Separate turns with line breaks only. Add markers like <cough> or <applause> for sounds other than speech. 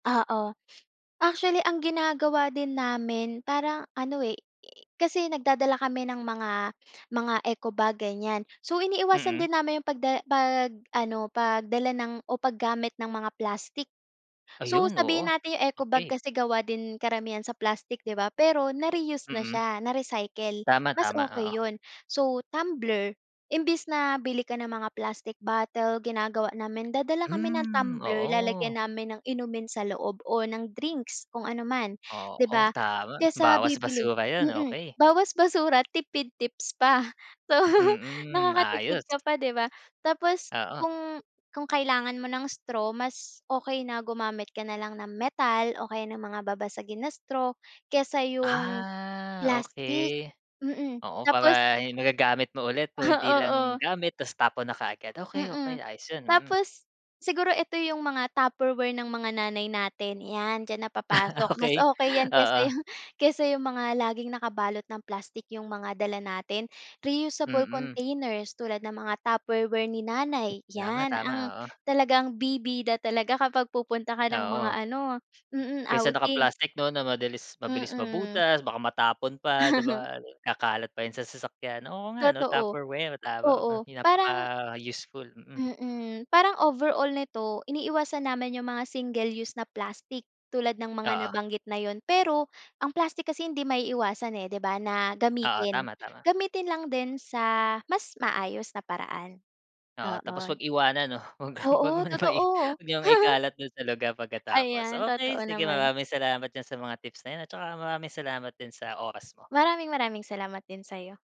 Oo, actually ang ginagawa din namin parang ano eh, kasi nagdadala kami ng mga mga eco bag, ganiyan. So, iniiwasan
Mm.
din namin yung pagda pag-ano, pagdala ng o paggamit ng mga plastic. So,
Ayun, oo,
sabihin natin yung eco bag
okey.
kasi gawa din karamihan sa plastic, 'di ba? Pero na-reuse na
Mm.
siya, na-recycle, mas
Tama-tama,
okey
oo.
yun. So, tumbler imbes na bili ka ng mga plastic bottle, ginagawa namin dadala kami ng
Hmm,
tumbler,
oo.
lalagyan namin ng inumin sa loob o ng drinks kung ano man, 'di
Oo,
ba,
tama,
kaysa
bawas
bibili,
basura yun,
mm,
okey.
bawas basura tipid tips pa. So,
Mm,
nakakatipid
ayos.
ka pa, 'di ba? Tapos
Oo.
kung kung kailangan mo ng straw mas okey na gumamit ka nalang ng metal o kaya ng mga babasagin na straw kaysa yung
Ah, okey,
plastic, mm.
oo.
Tapos
Para magagamit mo ulit, kung hindi
Ah,
lang
oo.
gamit tapos tapon na kaagad.
Mm,
Okey-okey, ayos yun, mm.
tapos siguro eto yung mga tupperware ng mga nanay natin, yan, diyan na
<laughs>
napapasok, mas
Okey,
okey yan kaysa
oo.
yung kaysa yung mga laging nakabalot ng plastic, yung mga dala natin. Reusable
Mm.
containers tulad ng mga tupperware ni nanay, yan
Tama-tama,
ang
oo.
talagang bibida talaga kapag pupunta ka ng mga
Oo.
ano, mm,
Kaysa
outing.
naka-plastic, 'no, na madilis mabilis
Mm.
mabutas. Baka matapon pa, 'di
<laughs>
ba? Kakalat pa yun sa sasakyan. Oo nga ano,
Totoo,
tupperware, tama,
oo, parang
napaka-useful, mm.
Mm, parang overall nito iniiwasan namin yung mga single use na plastic tulad ng mga
Oo.
nabanggit na yun. Pero ang plastic kasi hindi maiiwasan eh, di ba, na
Oo,
gamitin.
tama-tama.
Gamitin lang din sa mas maayos na paraan.
Oo, tapos
Oo.
'wag iwanan, 'no? 'Wag 'wag
Oo,
mo naman i
totoo.
'wag niyong
<laughs>
ikalat dun sa lugar pagkatapos.
Ayan, totoo
Okey sige,
naman.
maraming salamat diyan sa mga tips na yun at tsaka maraming salamat sa oras mo.
Maraming-maraming salamat din sa'yo.